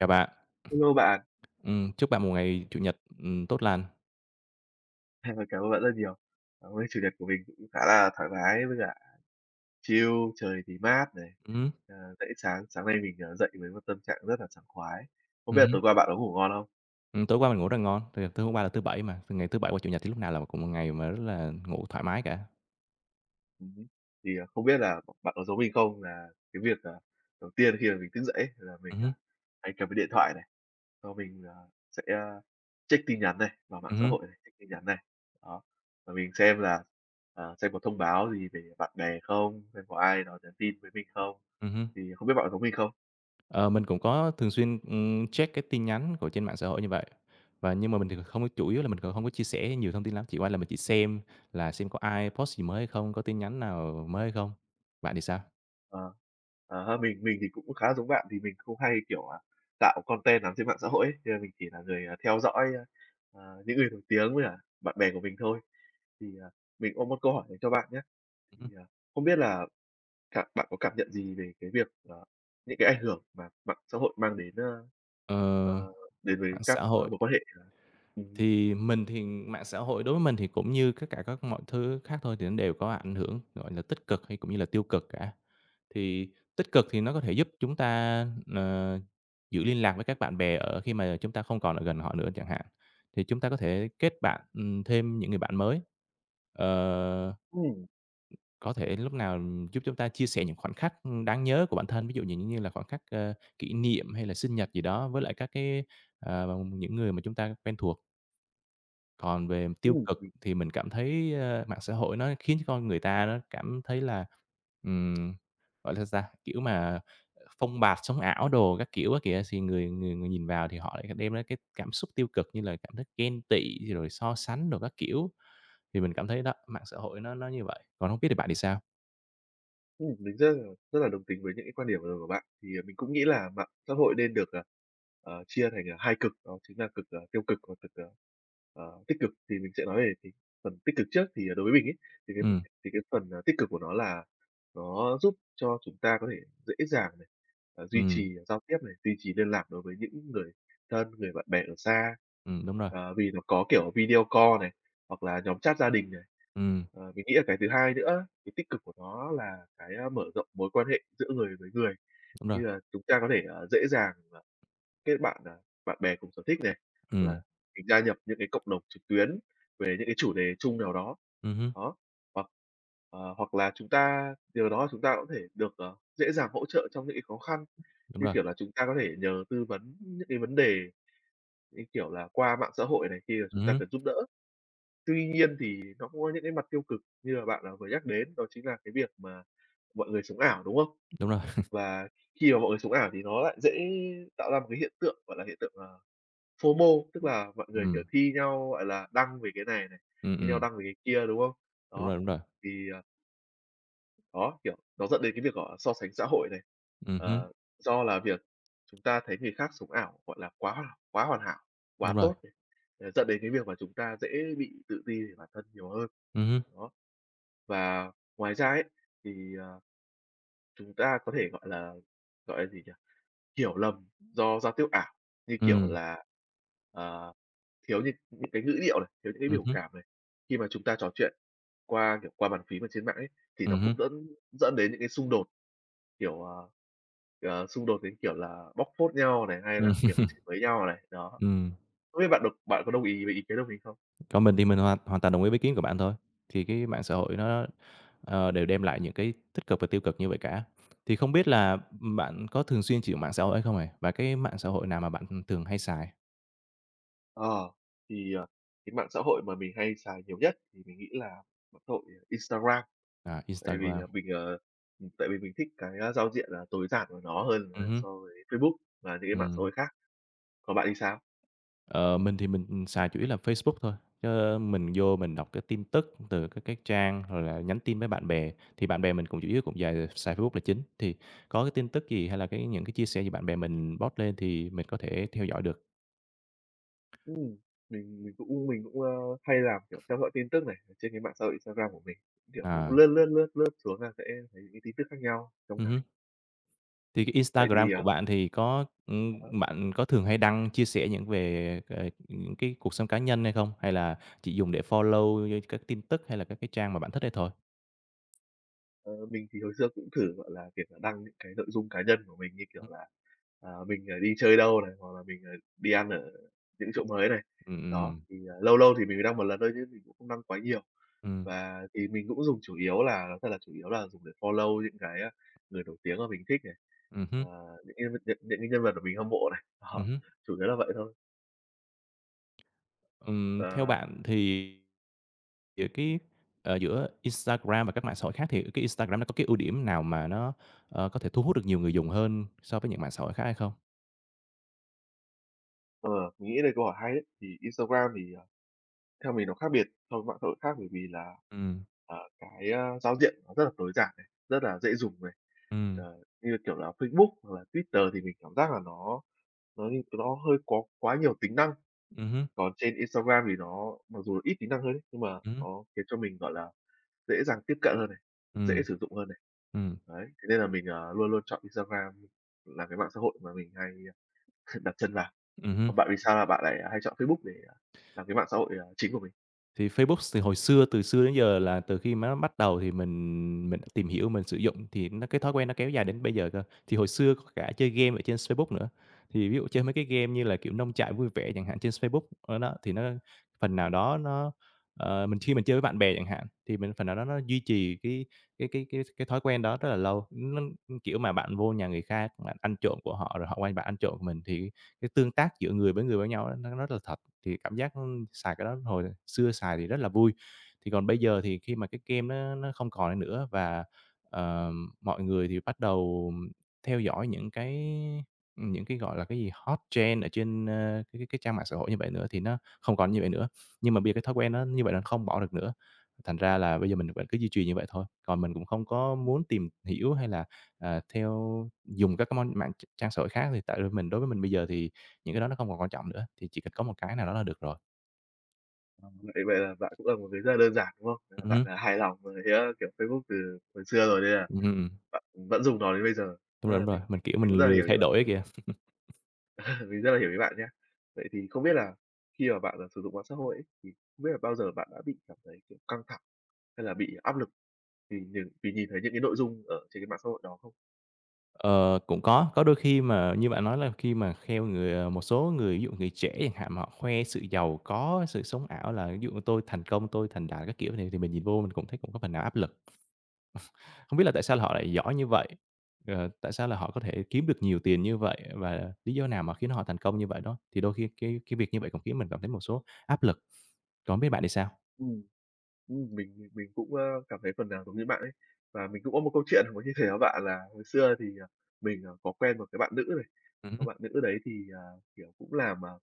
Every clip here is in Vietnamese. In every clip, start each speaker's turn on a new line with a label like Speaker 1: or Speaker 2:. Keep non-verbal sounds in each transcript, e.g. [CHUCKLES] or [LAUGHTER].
Speaker 1: Chào bạn.
Speaker 2: Hello bạn.
Speaker 1: Ừm, chúc bạn một ngày Chủ nhật, ừm, tốt lành.
Speaker 2: À, cảm ơn bạn rất nhiều. À, hôm nay Chủ nhật của mình cũng khá là thoải mái với cả chill, trời thì mát này,
Speaker 1: Ừm hưm.
Speaker 2: à, dậy sáng sáng nay mình, ờ, dậy với một tâm trạng rất là sảng khoái. Không
Speaker 1: Ừm
Speaker 2: biết là
Speaker 1: hưm.
Speaker 2: tối qua bạn có có ngủ ngon không?
Speaker 1: Ừm, tối qua mình ngủ rất ngon, tại vì tối hôm qua là thứ 7 mà, ngày thứ Bảy và Chủ nhật thì lúc nào là cũng một ngày mà rất là ngủ thoải mái cả.
Speaker 2: Ừm hứm. Thì, ờ, không biết là bạn có giống mình không nà cái việc, à, đầu tiên khi mà mình thức dậy ấy là mình,
Speaker 1: Ừm
Speaker 2: ờ,
Speaker 1: hưm.
Speaker 2: hay cầm cái điện thoại này, xong mình, ờ, sẽ, ơ, check tin nhắn này vào mạng
Speaker 1: Ừm
Speaker 2: xã
Speaker 1: hưm.
Speaker 2: hội này, check tin nhắn này. Đó, và mình xem là, ờ, xem có thông báo gì về bạn bè không, xem có ai đó nhắn tin với mình không.
Speaker 1: Ừm hưm.
Speaker 2: Thì không biết bạn có giống mình không?
Speaker 1: Ờ, mình cũng có thường xuyên, ừm, check cái tin nhắn của trên mạng xã hội như vậy, và nhưng mà mình thì không chủ yếu là mình còn hông có chia sẻ nhiều thông tin lắm, chỉ qua là mình chỉ xem là xem có ai post gì mới hay không, có tin nhắn nào mới hay không, bạn thì sao?
Speaker 2: Ờ, ờ ha, mình mình thì cũng khá là giống bạn vì mình không hay, kiểu, à, tạo content nắm trên mạng xã hội ấy. Cho nên mình chỉ là người, ờ, theo dõi, ơ, ờ, những người nổi tiếng, với cả bạn bè của mình thôi. Thì, à, mình có một câu hỏi dành cho bạn nhá.
Speaker 1: Ừm
Speaker 2: Thì,
Speaker 1: hưm.
Speaker 2: à, không biết là cảm bạn có cảm nhận gì về cái việc, ờ, những cái ảnh hưởng mà mạng xã hội mang đến, ơ,
Speaker 1: Ờ,
Speaker 2: ờ, đến với
Speaker 1: mạng
Speaker 2: các,
Speaker 1: xã
Speaker 2: ờ,
Speaker 1: hội.
Speaker 2: mối quan hệ ờ, ừm hứm.
Speaker 1: Thì mình thì mạng xã hội đối với mình thì cũng như các cả các mọi thứ khác thôi thì nó đều có ảnh hưởng, gọi nà, tích cực hay cũng như là tiêu cực cả. Thì tích cực thì nó có thể giúp chúng ta, ờ, giữ liên lạc với các bạn bè ở khi mà chúng ta không còn ở gần họ nữa chẳng hạn, thì chúng ta có thể kết bạn, ừm, thêm những người bạn mới, ờ,
Speaker 2: Ừm.
Speaker 1: có thể lúc nào giúp chúng ta chia sẻ những khoảnh khắc, ưm, đáng nhớ của bản thân, ví dụ nh những như là khoảnh khắc, ơ, kỷ niệm, hay là sinh nhật gì đó với lại các cái, à, những người mà chúng ta quen thuộc. Còn về mặt tiêu
Speaker 2: Ừm,
Speaker 1: cực
Speaker 2: mình
Speaker 1: thì mình cảm thấy, ờ, mạng xã hội nó khiến cho con người ta nó cảm thấy là, ừm, gọi là sao, kiểu mà phông bạt sống ảo đồ các kiểu á kìa, thì người người người nhìn vào thì họ lại đem ra cái cảm xúc tiêu cực, như là cảm thấy ghen tị, rồi so sánh đồ các kiểu. Thì mình cảm thấy đó mạng xã hội nó nó như vậy, còn hông biết thì bạn thì sao?
Speaker 2: Ừm, mình rất là rất là đồng tính với những cái quan điểm vừa rồi của bạn. Thì, à, mình cũng nghĩ là mạng xã hội nên được, ờ, ờ, chia thành, ờ, 2 cực, đó chính là cực, ờ, tiêu cực và cực, ờ, tích cực. Thì mình sẽ nói về thì phần tích cực trước thì đối với mình ấy, thì cái
Speaker 1: Ừm.
Speaker 2: thì cái phần, ờ, tích cực của nó là nó giúp cho chúng ta có thể dễ dàng này, ờ, duy
Speaker 1: Ừm.
Speaker 2: trì giao tiếp này, duy trì liên lạc đối với những người thân, người bạn bè ở xa.
Speaker 1: Ừm, đúng rồi.
Speaker 2: Ờ, vì nó có kiểu video call này, hoặc là nhóm chat gia đình này.
Speaker 1: Ừm.
Speaker 2: Ờ, mình nghĩ là cái thứ 2 nữa, cái tích cực của nó là cái, a, mở rộng mối quan hệ giữa người với người.
Speaker 1: Đúng
Speaker 2: Như
Speaker 1: rồi.
Speaker 2: là chúng ta có thể, ờ, dễ dàng, à, kết bạn, à, bạn bè cùng sở thích nè, hoặc
Speaker 1: Ừm.
Speaker 2: là mình gia nhập những cái cộng đồng trực tuyến về những cái chủ đề chung nào đó.
Speaker 1: Ừm hưm.
Speaker 2: Đó, hoặc, ờ, hoặc là chúng ta nhờ đó chúng ta cũng có thể được, ờ, dễ dàng hỗ trợ trong những cái khó khăn,
Speaker 1: Đúng
Speaker 2: như
Speaker 1: rồi.
Speaker 2: kiểu là, chúng ta có thể nhờ tư vấn những cái vấn đề như, kiểu là, qua mạng xã hội này kia và
Speaker 1: Ừm
Speaker 2: chúng ta
Speaker 1: hưm.
Speaker 2: cần giúp đỡ. Tuy nhiên thì nó cũng có những cái mặt tiêu cực như mà bạn, ờ, vừa nhắc đến, đó chính là cái việc mà mọi người sống ảo, đúng không?
Speaker 1: Đúng rồi. [CHUCKLES]
Speaker 2: Và khi mà mọi người sống ảo thì nó lại dễ tạo ra một cái hiện tượng, gọi là hiện tượng, ờ, FOMO tức là mọi người,
Speaker 1: Ừm.
Speaker 2: kiểu, thi nhau, gọi là, đăng về cái này này,
Speaker 1: Ừm,
Speaker 2: thi nhau
Speaker 1: ừm.
Speaker 2: đăng về cái kia, đúng không?
Speaker 1: Đúng
Speaker 2: Đó,
Speaker 1: rồi, đúng rồi.
Speaker 2: thì, ờ Đó, kiểu, nó dẫn đến cái việc [UNINTELLIGIBLE] so sánh xã hội này.
Speaker 1: Ừm hứm.
Speaker 2: Ờ, do là việc chúng ta thấy người khác sống ảo, gọi là, quá ảo, quá hoàn hảo, quá
Speaker 1: Đúng rồi.
Speaker 2: tốt này, dẫn đến cái việc mà chúng ta dễ bị tự ti về bản thân nhiều hơn.
Speaker 1: Ừm hứm.
Speaker 2: Đó. Và ngoài ra ấy, thì, ờ, chúng ta có thể, gọi là, gọi là gì nhỉ, hiểu lầm do giao tiếp ảo, như kiểu
Speaker 1: Ừm.
Speaker 2: là, ờ, thiếu những những cái ngữ điệu này, thiếu những cái
Speaker 1: Ừm
Speaker 2: biểu
Speaker 1: hứm.
Speaker 2: cảm này. Khi mà chúng ta trò chuyện qua, kiểu, qua bàn phím ở trên mạng ấy, thì nó
Speaker 1: Ừm
Speaker 2: cũng
Speaker 1: hứm.
Speaker 2: đẫn dẫn đến những cái xung đột, kiểu, ờ, ờ, xung đột đến, kiểu là, bóc phốt nhau này, hay
Speaker 1: Ừm.
Speaker 2: là, kiểu, chửi bới nhau này. Đó.
Speaker 1: Ừm.
Speaker 2: Không biết bạn đồng bạn có đồng ý với ý kiến của mình không?
Speaker 1: Còn mình thì mình hoàn hoàn toàn đồng ý với kiến của bạn thôi. Thì cái mạng xã hội nó, ờ, đều đem lại những cái tích cực và tiêu cực như vậy cả. Thì không biết là bạn có thường xuyên chịu mạng xã hội hay không này? Và cái mạng xã hội nào mà bạn, hừm, thường hay xài?
Speaker 2: Ờ. Thì, ờ, cái mạng xã hội mà mình hay xài nhiều nhất thì mình nghĩ là mạng xã hội Instagram.
Speaker 1: À,
Speaker 2: Tại vì
Speaker 1: Instagram.
Speaker 2: mình ờ, ừm, tại vì mình thích cái, a, giao diện là tối giản của nó hơn
Speaker 1: Ừm hứm.
Speaker 2: so với Facebook và những cái mạng xã
Speaker 1: Ừm.
Speaker 2: hội khác. Còn bạn thì sao?
Speaker 1: Ờ, mình thì mình xài chủ yếu là Facebook thôi. Chứ mình vô mình đọc cái tin tức từ các cái trang, rồi là nhắn tin với bạn bè, thì bạn bè mình cũng chủ yếu cũng dài xài Facebook là chính. Thì có cái tin tức gì hay là cái những cái chia sẻ gì bạn bè mình post lên thì mình có thể theo dõi được.
Speaker 2: Ừm, mình mình cũng mình cũng, ơ, hay làm, kiểu, theo dõi tin tức này trên cái mạng xã hội Instagram của mình. Kiểu cũng
Speaker 1: À.
Speaker 2: lướt, lướt, lướt, lướt xuống là sẽ thấy các tin tức khác nhau trong
Speaker 1: Ừm hứm.
Speaker 2: ngày.
Speaker 1: Thì cái
Speaker 2: Vậy
Speaker 1: Instagram
Speaker 2: thì,
Speaker 1: của
Speaker 2: ờ
Speaker 1: bạn thì có,
Speaker 2: Ờ
Speaker 1: ừm,
Speaker 2: há.
Speaker 1: bạn có thường hay đăng chia sẻ những về, ờ, ờ, cái cuộc sống cá nhân hay không? Hay là chỉ dùng để follow như các tin tức hay là các cái trang mà bạn thích ấy thôi?
Speaker 2: Ờ, mình thì hồi xưa cũng thử, gọi là, việc là đăng những cái nội dung cá nhân của mình, như kiểu
Speaker 1: Ừm.
Speaker 2: là, à, mình, à, đi chơi đâu này, hoặc là mình, à, đi ăn ở những chỗ mới này.
Speaker 1: Ừm, ừm.
Speaker 2: Đó, thì lâu lâu thì mình mới đăng một lần thôi chứ mình cũng không đăng quá nhiều.
Speaker 1: Ừm.
Speaker 2: Và thì mình cũng dùng chủ yếu là thật là chủ yếu là dùng để follow những cái, a, người nổi tiếng mà mình thích này,
Speaker 1: Ừm
Speaker 2: ờ,
Speaker 1: hứm.
Speaker 2: những cái nhân những cái nhân vật mà mình hâm mộ này.
Speaker 1: Ừm
Speaker 2: Đó,
Speaker 1: hứm.
Speaker 2: chủ yếu là vậy thôi.
Speaker 1: Ừm, theo
Speaker 2: Ờ.
Speaker 1: bạn thì giữa
Speaker 2: Ừm.
Speaker 1: cái, à, giữa Instagram và các mạng xã hội khác thì cái Instagram nó có cái ưu điểm nào mà nó, ờ, có thể thu hút được nhiều người dùng hơn so với những mạng xã hội khác hay không?
Speaker 2: Ờ, mình nghĩ đây câu hỏi hay ấy. Thì Instagram thì, ờ, theo mình, nó khác biệt so với mạng xã hội khác bởi vì là,
Speaker 1: Ừm.
Speaker 2: à, cái, a, giao diện nó rất là tối giản này, rất là dễ dùng này.
Speaker 1: Ừm.
Speaker 2: Ờ, như, kiểu là, Facebook hoặc là Twitter thì mình cảm giác là nó nó như nó hơi có quá nhiều tính năng,
Speaker 1: Ừm hứm.
Speaker 2: còn trên Instagram thì nó mặc dù là ít tính năng hơn ấy, nhưng mà
Speaker 1: Ừm hứm.
Speaker 2: nó khiến cho mình, gọi là, dễ dàng tiếp cận hơn này, dễ
Speaker 1: Ừm.
Speaker 2: sử dụng hơn này,
Speaker 1: Ừm.
Speaker 2: đấy. Thế nên là mình, ờ, luôn luôn chọn Instagram là cái mạng xã hội mà mình hay [CHUCKLES] đặt chân vào.
Speaker 1: Ừm hứm.
Speaker 2: Còn bạn, vì sao mà bạn lại hay chọn Facebook để làm cái mạng xã hội, à, chính của mình?
Speaker 1: Thì Facebook thì hồi xưa từ xưa đến giờ là từ khi mà nó bắt đầu thì mình mình đã tìm hiểu, mình sử dụng, thì nó cái thói quen nó kéo dài đến bây giờ cơ. Thì hồi xưa có cả chơi game ở trên Facebook nữa, thì ví dụ chơi mấy cái game như là, kiểu, Nông trại vui vẻ chẳng hạn trên Facebook, ờ, đó, thì nó phần nào đó nó ờ, mình khi mình chơi với bạn bè chẳng hạn thì mình phần nào đó nó duy trì cái cái cái cái cái thói quen đó rất là lâu. Nó, kiểu, mà bạn vô nhà người khác, bạn ăn trộm của họ, rồi họ qua bạn ăn trộm mình, thì cái tương tác giữa người với người với nhau ấy, nó rất là thật, thì cảm giác nó, xài cái đó hồi xưa xài thì rất là vui. Thì còn bây giờ thì khi mà cái game nó nó không còn ấy nữa và, ờ, mọi người thì bắt đầu theo dõi những cái những cái, gọi là, cái gì, hot trend ở trên, ơ, cái cái cái trang mạng xã hội như vậy nữa thì nó không còn như vậy nữa. Nhưng mà bây giờ cái thói quen nó như vậy là không bỏ được nữa, thành ra là bây giờ mình vẫn cứ duy trì như vậy thôi, còn mình cũng không có muốn tìm hiểu hay là, à, theo dùng các cái món mạng tr trang xã hội khác thì tại vì mình đối với mình bây giờ thì những cái đó nó không còn quan trọng nữa, thì chỉ cần có một cái nào đó là được rồi.
Speaker 2: À, vậy vậy là bạn cũng là một người rất là đơn giản, đúng không? À,
Speaker 1: Ừm
Speaker 2: bạn,
Speaker 1: hứm.
Speaker 2: à, hài lòng với, a, kiểu, Facebook từ hồi xưa rồi nên là
Speaker 1: Ừm, ừm, ừm.
Speaker 2: bạn, ừm, vẫn dùng nó đến bây giờ,
Speaker 1: Đúng
Speaker 2: a,
Speaker 1: rồi, đúng rồi.
Speaker 2: mình
Speaker 1: Mình,
Speaker 2: mình
Speaker 1: kiểu,
Speaker 2: mình cũng
Speaker 1: mình
Speaker 2: rất là
Speaker 1: lười
Speaker 2: hiểu ý
Speaker 1: thay
Speaker 2: bạn.
Speaker 1: đổi á kìa. [CHUCKLES]
Speaker 2: À, mình rất là hiểu ý bạn nhá. Vậy thì không biết là khi mà bạn, à, sử dụng mạng xã hội ấy, thì không biết là bao giờ bạn đã bị cảm thấy, kiểu, căng thẳng, hay là bị áp lực vì vì vì nhìn thấy những cái nội dung ở trên cái mạng xã hội đó không?
Speaker 1: Ờ, cũng có, có đôi khi mà như bạn nói là khi mà kheo người à, một số người ví dụ người trẻ chẳng hạn mà họ khoe sự giàu có, sự sống ảo là ví dụ như tôi thành công, tôi thành đạt các kiểu, thì thì mình nhìn vô mình cũng thấy cũng có phần nào áp lực. [CHUCKLES] Hông biết là tại sao họ lại giỏi như vậy, ờ, tại sao là họ có thể kiếm được nhiều tiền như vậy, và lý do nào mà khiến họ thành công như vậy đó, thì đôi khi cái cái việc như vậy cũng khiến mình cảm thấy một số áp lực. Còn hông biết bạn thì sao?
Speaker 2: Ừm, ừm, mình mình cũng, a, cảm thấy phần nào giống như bạn ấy. Và mình cũng có 1 câu chuyện [UNINTELLIGIBLE] muốn chia sẻ với bạn là hồi xưa thì, ờ, mình, ờ, có quen 1 cái bạn nữ này,
Speaker 1: Ừm
Speaker 2: cái
Speaker 1: hứm.
Speaker 2: bạn nữ đấy thì, à, kiểu, cũng làm, à, [TSK]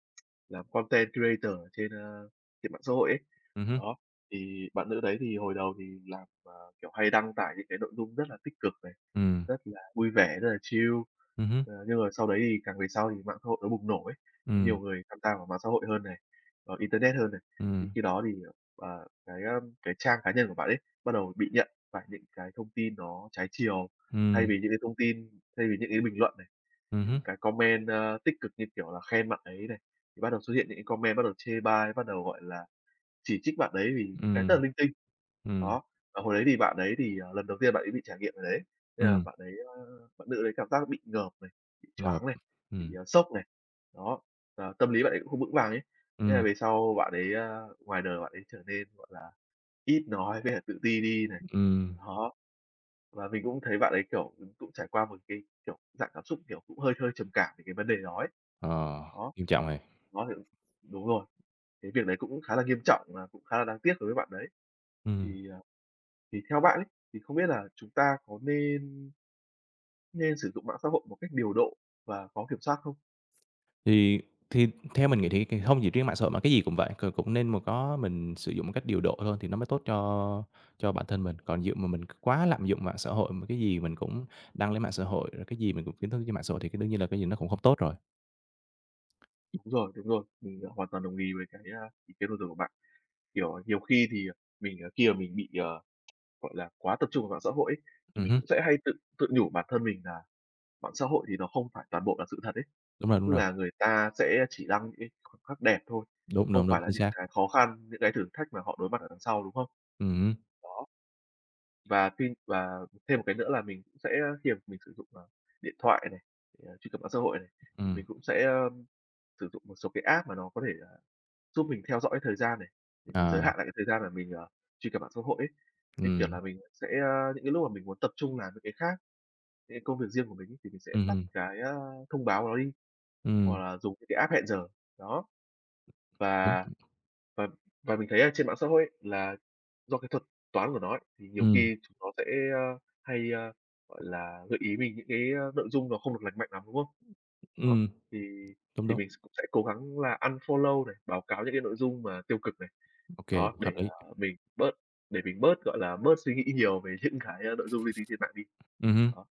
Speaker 2: làm content creator ở trên, ơ, trên mạng xã hội ấy.
Speaker 1: Ừm hứm.
Speaker 2: Đó, thì bạn nữ đấy thì hồi đầu thì làm, ờ, kiểu, hay đăng tải những cái nội dung rất là tích cực này,
Speaker 1: Ừm.
Speaker 2: rất là vui vẻ, rất là chill,
Speaker 1: Ừm hứm.
Speaker 2: ờ, nhưng mà sau đấy thì càng về sau thì mạng xã hội nó bùng nổ ấy, nhiều
Speaker 1: Ừm.
Speaker 2: người tham gia vào mạng xã hội hơn này, ờ, internet hơn này. Thì
Speaker 1: Ừm.
Speaker 2: khi đó thì, ờ, à, cái, a, cái trang cá nhân của bạn ấy bắt đầu bị nhận phải những cái thông tin nó trái chiều, thay
Speaker 1: Ừm.
Speaker 2: vì những cái thông tin thay vì những cái bình luận này,
Speaker 1: Ừm
Speaker 2: những
Speaker 1: hứm.
Speaker 2: cái comment, a, tích cực như, kiểu là, khen bạn ấy này, thì bắt đầu xuất hiện những cái comment bắt đầu chê bai, bắt đầu, gọi là, chỉ trích bạn đấy vì những cái rất
Speaker 1: Ừm.
Speaker 2: là linh tinh.
Speaker 1: Ừm.
Speaker 2: Đó, mà hồi đấy thì bạn ấy thì, à, lần đầu tiên bạn ấy bị trải nghiệm cái đấy, thế là
Speaker 1: Ừm.
Speaker 2: bạn ấy a, bạn nữ đấy cảm giác nó bị ngợp này, bị
Speaker 1: Ngợp,
Speaker 2: choáng này, bị,
Speaker 1: ừm.
Speaker 2: à, sốc này, đó, ờ, tâm lý bạn ấy cũng không vững vàng ấy, thế là
Speaker 1: Ừm.
Speaker 2: về sau bạn ấy a, ngoài đời bạn ấy trở nên, gọi là, ít nói với cả tự ti đi này.
Speaker 1: Ừm.
Speaker 2: Đó, và mình cũng thấy bạn ấy, kiểu, ừm, cũng trải qua 1 cái, kiểu, dạng cảm xúc, kiểu, cũng hơi hơi trầm cảm về cái vấn đề đó ấy.
Speaker 1: Ờ,
Speaker 2: Đó,
Speaker 1: nghiêm trọng này.
Speaker 2: đó thì đúng rồi, cái việc đấy cũng khá là nghiêm trọng và cũng khá là đáng tiếc đối với bạn đấy.
Speaker 1: Ừm.
Speaker 2: Thì, ờ, thì theo bạn ấy, thì không biết là chúng ta có nên nên sử dụng mạng xã hội một cách điều độ và có kiểm soát không?
Speaker 1: Thì thì theo mình nghĩ thì thì hông chỉ riêng mạng xã hội mà cái gì cũng vậy, c cũng nên mà có mình sử dụng một cách điều độ thôi thì nó mới tốt cho cho bản thân mình. Còn vụ mà mình quá lạm dụng mạng xã hội mà cái gì mình cũng đăng lên mạng xã hội, rồi cái gì mình cũng [UNINTELLIGIBLE] trên mạng xã hội thì cái đương nhiên là cái gì nó cũng hông tốt rồi.
Speaker 2: Đúng rồi, đúng rồi. Mình, à, hoàn toàn đồng ý với cái, a, ý kiến vừa rồi của bạn. Kiểu, nhiều khi thì, à, mình, à, khi mà mình bị, à, gọi là, quá tập trung vào mạng xã hội ấy, thì
Speaker 1: Ừm
Speaker 2: mình
Speaker 1: hứm.
Speaker 2: cũng sẽ hay tự tự nhủ bản thân mình là mạng xã hội thì nó không phải toàn bộ là sự thật ấy.
Speaker 1: Đúng rồi, đúng
Speaker 2: Tức
Speaker 1: rồi.
Speaker 2: là người ta sẽ chỉ đăng những cái khoảnh khắc đẹp thôi,
Speaker 1: Đúng,
Speaker 2: không
Speaker 1: đúng, đúng,
Speaker 2: phải là
Speaker 1: chính
Speaker 2: những
Speaker 1: xác.
Speaker 2: cái khó khăn, những cái thử thách mà họ đối mặt ở đằng sau, đúng không?
Speaker 1: Ừm hứm.
Speaker 2: Đó. Và tin và thêm một cái nữa là mình cũng sẽ khi mình sử dụng, ờ, điện thoại này, để, à, truy cập mạng xã hội này, thì
Speaker 1: Ừm.
Speaker 2: mình cũng sẽ, ờm, sử dụng một số cái app mà nó có thể là giúp mình theo dõi thời gian này, để mình giới
Speaker 1: Ờ.
Speaker 2: hạn lại cái thời gian mà mình, ờ, truy cập mạng xã hội ấy. Như, kiểu,
Speaker 1: Ừm.
Speaker 2: là mình sẽ, ơ những cái lúc mà mình muốn tập trung làm mấy cái khác, cái công việc riêng của mình ấy, thì mình sẽ
Speaker 1: Ừm
Speaker 2: tắt
Speaker 1: hưm.
Speaker 2: cái, a, thông báo của nó đi, hoặc
Speaker 1: Ừm.
Speaker 2: là dùng những cái app hẹn giờ, đó. Và
Speaker 1: [UNINTELLIGIBLE]
Speaker 2: và và mình thấy ở trên mạng xã hội ấy, là do cái thuật toán của nó ấy, thì nhiều
Speaker 1: Ừm.
Speaker 2: khi chúng nó sẽ, ơ, hay, ơ, gọi là, gợi ý mình những cái, ơ, nội dung nó không được lành mạnh lắm, đúng không? Đó.
Speaker 1: Ừm.
Speaker 2: Thì
Speaker 1: Đúng,
Speaker 2: thì
Speaker 1: đúng.
Speaker 2: mình cũng sẽ cố gắng là unfollow này, báo cáo những cái nội dung mà tiêu cực này,
Speaker 1: Ô kê,
Speaker 2: đó. Để,
Speaker 1: hợp
Speaker 2: à,
Speaker 1: lý.
Speaker 2: mình bớt để mình bớt, gọi là, bớt suy nghĩ nhiều về những cái, ơ, nội dung linh tinh trên mạng đi,
Speaker 1: Ừm hứm.
Speaker 2: đó.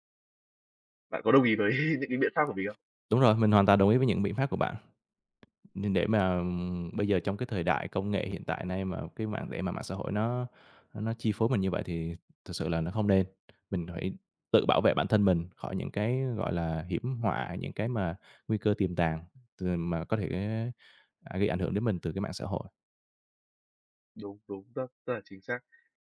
Speaker 2: Bạn có đồng ý với [CHUCKLES] những cái biện pháp của mình không?
Speaker 1: Đúng rồi, mình hoàn toàn đồng ý với những biện pháp của bạn, đ để mà bây giờ trong cái thời đại công nghệ hiện tại nay mà cái mạng để mà mạng xã hội nó nó chi phối mình như vậy thì thực sự là nó không nên. Mình phải tự bảo vệ bản thân mình khỏi những cái, gọi là, hiểm họa, những cái mà nguy cơ tiềm tàng t mà có thể gây ảnh hưởng đến mình từ cái mạng xã hội.
Speaker 2: Đúng, đúng, rất rất là chính xác.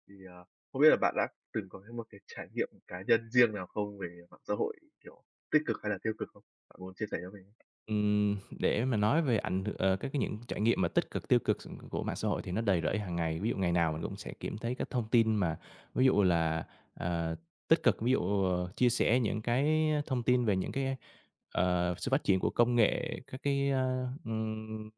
Speaker 2: Thì, ờ, không biết là bạn đã từng có cái một cái trải nghiệm cá nhân riêng nào không, về mạng xã hội, kiểu, tích cực hay là tiêu cực không? Bạn muốn chia sẻ cho mình không?
Speaker 1: Ừm, để mà nói về ảnh hưởng ờ, các cái những trải nghiệm mà tích cực tiêu cực s của mạng xã hội thì nó đầy rẫy hàng ngày. Ví dụ ngày nào mình cũng sẽ kiểm thấy các thông tin mà ví dụ là, ờ, tích cực ví dụ chia sẻ những cái, ơ, thông tin về những cái, ờ, sự phát triển của công nghệ, các cái, ờ, ừm,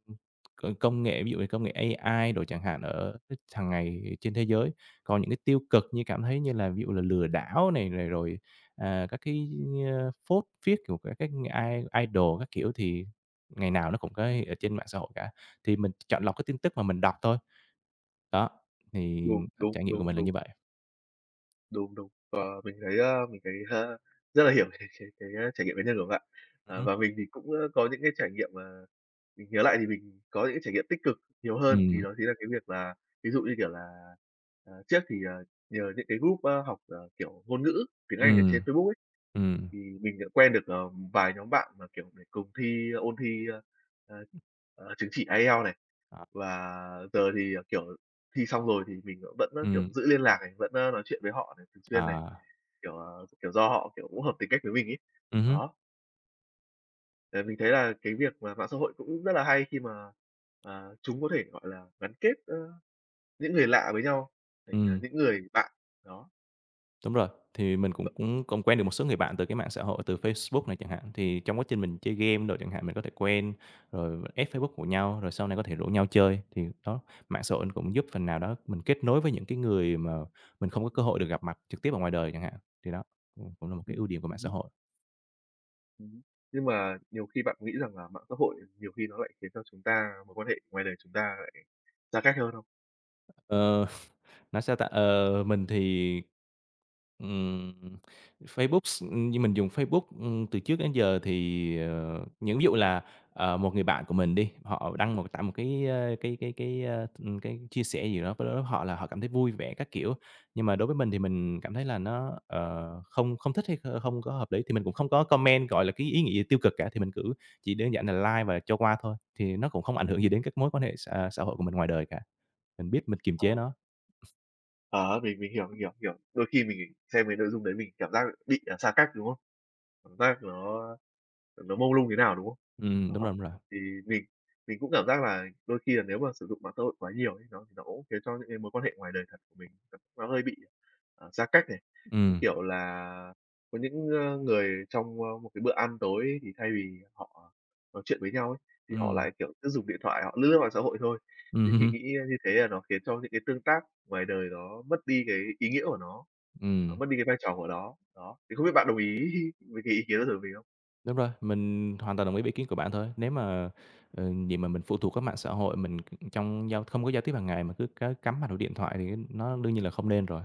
Speaker 1: c công nghệ ví dụ như công nghệ AI đồ chẳng hạn ở hàng ngày trên thế giới. Còn những cái tiêu cực như cảm thấy như là ví dụ là lừa đảo này, rồi, à, các cái, ơ, phốt phiếc của các cái i idol các kiểu, thì ngày nào nó cũng có ở trên mạng xã hội cả. Thì mình chọn lọc cái tin tức mà mình đọc thôi. Đó, thì
Speaker 2: Đúng, đúng,
Speaker 1: trải nghiệm của
Speaker 2: đúng,
Speaker 1: mình là
Speaker 2: đúng.
Speaker 1: như vậy.
Speaker 2: Đúng, đúng. À, mình thấy, à, mình thấy, à, rất là hiểu cái cái cái, ơ, trải nghiệm cá nhân của bạn.
Speaker 1: Ừm
Speaker 2: À,
Speaker 1: hứm.
Speaker 2: và mình thì cũng, ơ, có những cái trải nghiệm mà mình nhớ lại thì mình có những cái trải nghiệm tích cực nhiều hơn. Thì
Speaker 1: Ừm.
Speaker 2: đó chính là cái việc là ví dụ như, kiểu là, ờ, trước thì, ờ, nhờ những cái group, à, học, ờ, kiểu, ngôn ngữ tiếng Anh ở
Speaker 1: Ừm,
Speaker 2: trên Facebook ấy,
Speaker 1: ừm.
Speaker 2: thì mình đã quen được, ờ, vài nhóm bạn mà, kiểu, để cùng thi ôn thi, à, à,
Speaker 1: Ừm.
Speaker 2: à, chứng chỉ IELTS này.
Speaker 1: Đó.
Speaker 2: Và giờ thì, ờ, kiểu, thi xong rồi thì mình vẫn vẫn, kiểu,
Speaker 1: Ừm.
Speaker 2: giữ liên lạc này, vẫn, ơ, nói chuyện với họ này, thường xuyên này,
Speaker 1: À.
Speaker 2: kiểu, ờ, kiểu do họ, kiểu, cũng hợp tính cách với mình ấy.
Speaker 1: Ừm hứm.
Speaker 2: Đó. Ờ, mình thấy là cái việc mà mạng xã hội cũng rất là hay khi mà, à, chúng có thể, gọi là, gắn kết, ơ, những người lạ với nhau thành, à,
Speaker 1: Ừm.
Speaker 2: những người bạn, đó.
Speaker 1: Đúng rồi, thì mình cũng
Speaker 2: [UNINTELLIGIBLE]
Speaker 1: cũng cũng quen được một số người bạn từ cái mạng xã hội từ Facebook này chẳng hạn. Thì trong quá trình mình chơi game đồ chẳng hạn, mình có thể quen rồi add Facebook của nhau, rồi sau này có thể rủ nhau chơi. Thì đó, mạng xã hội nó cũng giúp phần nào đó mình kết nối với những cái người mà mình không có cơ hội được gặp mặt trực tiếp ở ngoài đời chẳng hạn, thì đó, ừm, cũng là một cái
Speaker 2: Ừm,
Speaker 1: ưu điểm của mạng
Speaker 2: ừm
Speaker 1: xã
Speaker 2: hứm.
Speaker 1: hội.
Speaker 2: Ừm hứm, nhưng mà nhiều khi bạn nghĩ rằng là mạng xã hội nhiều khi nó lại khiến cho chúng ta mối quan hệ ngoài đời chúng ta lại xa cách hơn không?
Speaker 1: Ờ, [CHUCKLES] nói sao ta? Ờ, mình thì, ừm, Facebook s như mình dùng Facebook, ừm, từ trước đến giờ thì, ờ, những ví dụ là, ờ, một người bạn của mình đi, họ đăng một tải một cái, ơ, cái cái cái, ơ, ừm, cái chia sẻ gì đó với họ là họ cảm thấy vui vẻ các kiểu. Nhưng mà đối với mình thì mình cảm thấy là nó, ờ, không không thích hay không có hợp lý thì mình cũng không có comment, gọi là, cái ý nghĩ gì tiêu cực cả, thì mình cứ chỉ đơn
Speaker 2: Ừm.
Speaker 1: giản là like và cho qua thôi. Thì nó cũng không ảnh hưởng gì đến các mối quan hệ xã xã hội của mình ngoài đời cả, mình biết mình kiềm
Speaker 2: Ờ.
Speaker 1: chế nó. [CHUCKLES]
Speaker 2: Ờ, mình mình hiểu, mình hiểu, hiểu. Đôi khi mình xem cái nội dung đấy mình cảm giác bị là xa cách, đúng không? Cảm giác nó nó mông lung thế nào, đúng không?
Speaker 1: Ừm,
Speaker 2: À
Speaker 1: đúng
Speaker 2: ha.
Speaker 1: rồi, đúng rồi.
Speaker 2: Thì mình mình cũng cảm giác là đôi khi là nếu mà sử dụng mạng xã hội quá nhiều ấy, nó nó cũng khiến cho những cái mối quan hệ ngoài đời thật của mình nó hơi bị, ờ, xa cách này. Như
Speaker 1: Ừm.
Speaker 2: kiểu là có những, ơ, người trong, ơ, một cái bữa ăn tối thì thay vì họ nói chuyện với nhau ấy, thì họ
Speaker 1: Ừm.
Speaker 2: lại, kiểu, cứ dùng điện thoại, họ lướt lướt mạng xã hội thôi.
Speaker 1: Ừm
Speaker 2: Thì mình nghĩ
Speaker 1: hưm.
Speaker 2: như thế là nó khiến cho những cái tương tác ngoài đời nó mất đi cái ý nghĩa của nó,
Speaker 1: Ừm.
Speaker 2: mất đi cái vai trò của nó. Đó, thì không biết bạn đồng ý với cái ý kiến đó của mình không?
Speaker 1: Đúng rồi, mình hoàn toàn đồng ý với ý kiến của bạn thôi. Nếu mà, ờ, gì mà mình phụ thuộc hết mạng xã hội mình trong giao không có giao tiếp hàng ngày mà cứ c cắm mặt vào điện thoại thì nó đương nhiên là không nên rồi.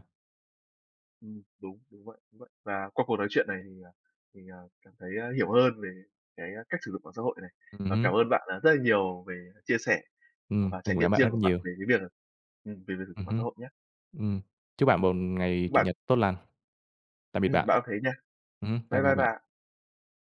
Speaker 2: Ừm, đúng, đúng vậy, đúng vậy. Và qua cuộc nói chuyện này thì, à thì, à, cảm thấy, a, hiểu hơn về cái cách sử dụng mạng xã hội này.
Speaker 1: Ừm
Speaker 2: Và
Speaker 1: hưm.
Speaker 2: cảm ơn bạn rất, à, nhiều về chia sẻ
Speaker 1: Ừm,
Speaker 2: và
Speaker 1: mình
Speaker 2: trải
Speaker 1: cũng cảm ơn
Speaker 2: nghiệm
Speaker 1: bạn rất
Speaker 2: riêng của
Speaker 1: là
Speaker 2: bạn
Speaker 1: nhiều.
Speaker 2: về cái việc là ừm, về việc sử
Speaker 1: Ừm
Speaker 2: dụng mạng
Speaker 1: hưm,
Speaker 2: xã hội nhá.
Speaker 1: ừm, chúc bạn một ngày Chủ
Speaker 2: Bạn
Speaker 1: nhật tốt lành. Tạm biệt
Speaker 2: Ừm,
Speaker 1: bạn.
Speaker 2: bạn cũng thế nha,
Speaker 1: Ừm, bye
Speaker 2: bye
Speaker 1: byei
Speaker 2: bye
Speaker 1: bạn.
Speaker 2: bạn.